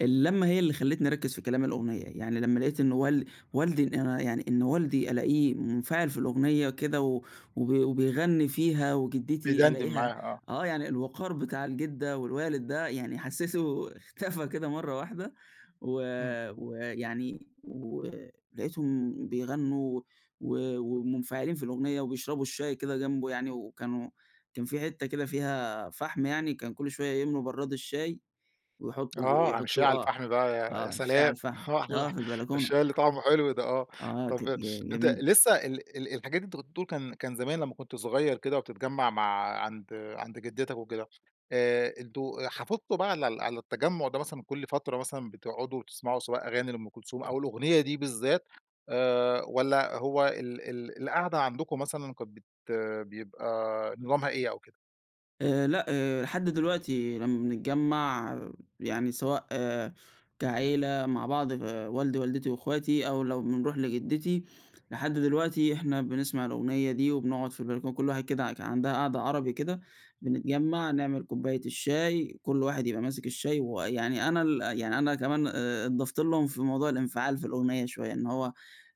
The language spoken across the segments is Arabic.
اللمّة هي اللي خلّتني أركز في كلام الأغنية، يعني لمَّا لقيت إنّ وال والدي إن أنا يعني إن والدي ألاقيه منفعل في الأغنية وكده و وبي وبيغني فيها، وجدتي بيدندن ألاقيها معاها، آه. آه يعني الوقار بتاع الجدة والوالد ده يعني حسيته اختفى كده مرَّة واحدة و إمم. ويعني ولقيتهم بيغنوا و ومنفعلين في الأغنية وبيشربوا الشاي كده جنبه يعني، وكانوا كان في حتَّة كده فيها فحم يعني كان كل شويَّة يملوا برَّاد الشاي ويحطوا آه، عامل شاي على ويحطوه آه الفحم بقى يا يا آه الشاي على سلام الفحم، آه في البلكونة. الشاي اللي طعمه حلو ده آه، آه، ت طب ت ي أنت جميلة. لسّه ال الحاجات اللي أنت كنت بتقول كان زمان لمّا كنت صغيّر كده وبتتجمَّع مع عند عند جدتك وكده آآ، أنتم آآ حافظتم بقى على ال على التجمُّع ده مثلًا كل فترة مثلًا بتقعدوا تسمعوا سواء أغاني لأم كلثوم أو الأغنية دي بالذات، آآ، والَّا هو ال ال القعدة عندكم مثلًا كانت بت بيبقى نظامها إيه أو كده؟ آآ، لأ آآ، لحد دلوقتي لمَّا بنتجمَّع يعني سواء كعيلة مع بعض والدي ووالدتي واخواتي أو لو بنروح لجدتي، لحد دلوقتي إحنا بنسمع الأغنية دي، وبنقعد في البلكونة كل واحد كده كان عندها قعدة عربي كده، بنتجمَّع نعمل كوباية الشاي، كل واحد يبقى ماسك الشاي ويعني أنا ال يعني أنا كمان ا اتضفت لهم في موضوع الانفعال في الأغنية شويّة، إن هو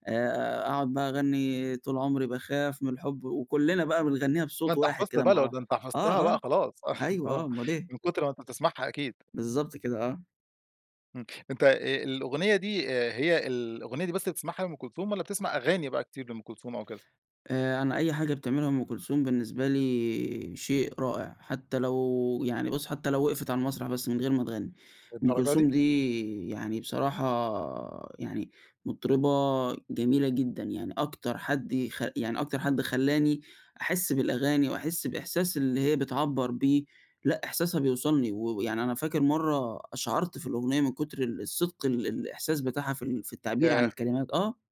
آآ، أقعد بقى اغني طول عمري باخاف من الحب، وكلنا بقى بنغنيها ما بصوت أنت واحد حفظت كده بقى مع لو د بعض، أنت حفظتها آه بقى آه، خلاص، أيوه، آه آه اُمّال إيه. من كتر ما أنت بتسمعها أكيد. بالضبط كده، آه. امم، أنت آآ الأغنية دي آآ هي الأغنية دي بس اللي بتسمعها لأم كلثوم، والَّا بتسمع أغاني بقى كتير لأم كلثوم أو كده؟ آآ، أنا أي حاجة بتعملها أم كلثوم بالنسبة لي شيء رائع، حتّى لو يعني بُص حتّى لو وقفت على المسرح بس من غير ما تغني، أم للدرجة دي؟ كلثوم دي يعني بصراحة يعني مطربة جميلة جدًا، يعني أكتر حد يخ يعني أكتر حد خلّاني أحس بالأغاني، وأحس الإحساس اللي هي بتعبّر بيه لأ، إحساسها بيوصلني و ويعني أنا فاكر مرّة قشعرت في الأغنية، من كتر ال الصدق ال الإحساس بتاعها في ال في التعبير عن ياه! الكلمات، آه.